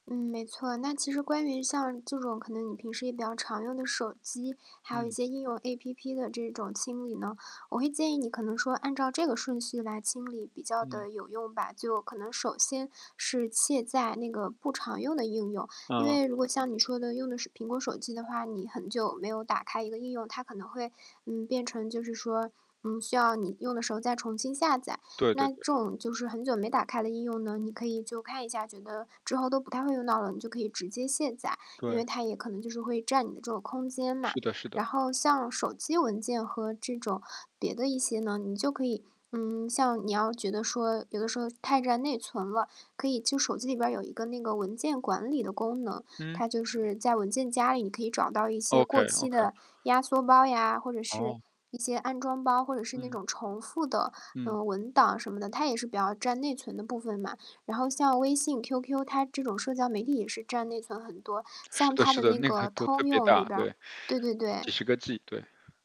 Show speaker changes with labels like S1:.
S1: 嗯，没错。那其实关于像这种可能你平时也比较常用的手机，还有一
S2: 嗯。
S1: 些应用 APP 的这种清理呢，我会建议你可能说，按照这个顺序来清理比较
S2: 嗯。
S1: 地有用吧。就可能首先是卸载那个不常用的应用，因
S2: 嗯。
S1: 为如果像你说的用的是苹果手机的话，你很久没有打开一个应用，它可能会，嗯，变成就是说，嗯，需要你用的时候再重新下载。
S2: 对对
S1: 那这
S2: 对。
S1: 种就是很久没打开的应用呢，你可以就看一下觉得，之后都不太会用到了，你就可以直接卸载，因
S2: 对。
S1: 为它也可能就是会占你的这个空间嘛。
S2: 是的是的。
S1: 然后像手机文件和这种别的一些呢，你就可以嗯，像你要觉得说，有的时候太占内存了，可以就手机里边儿有一个那个文件管理的功能，
S2: 嗯。
S1: 它就是在文件夹里，你可以找到一些
S2: OK
S1: 过期
S2: OK。
S1: 的压缩包呀，或者是
S2: 哦。
S1: 一些安装包，或者是那
S2: 嗯。
S1: 种重复的，
S2: 嗯。
S1: 嗯，文档什么的，它也是比较占内存的部分嘛。然后像微信、QQ，它这种社交媒体也是占内存很多，
S2: 是
S1: 像
S2: 的
S1: 它
S2: 是
S1: 的
S2: 的，
S1: 那
S2: 那个
S1: 个
S2: 都特
S1: 通
S2: 别
S1: 用里
S2: 大，
S1: 边儿
S2: 对。
S1: 对对
S2: 几
S1: 对。
S2: 10个 G，对。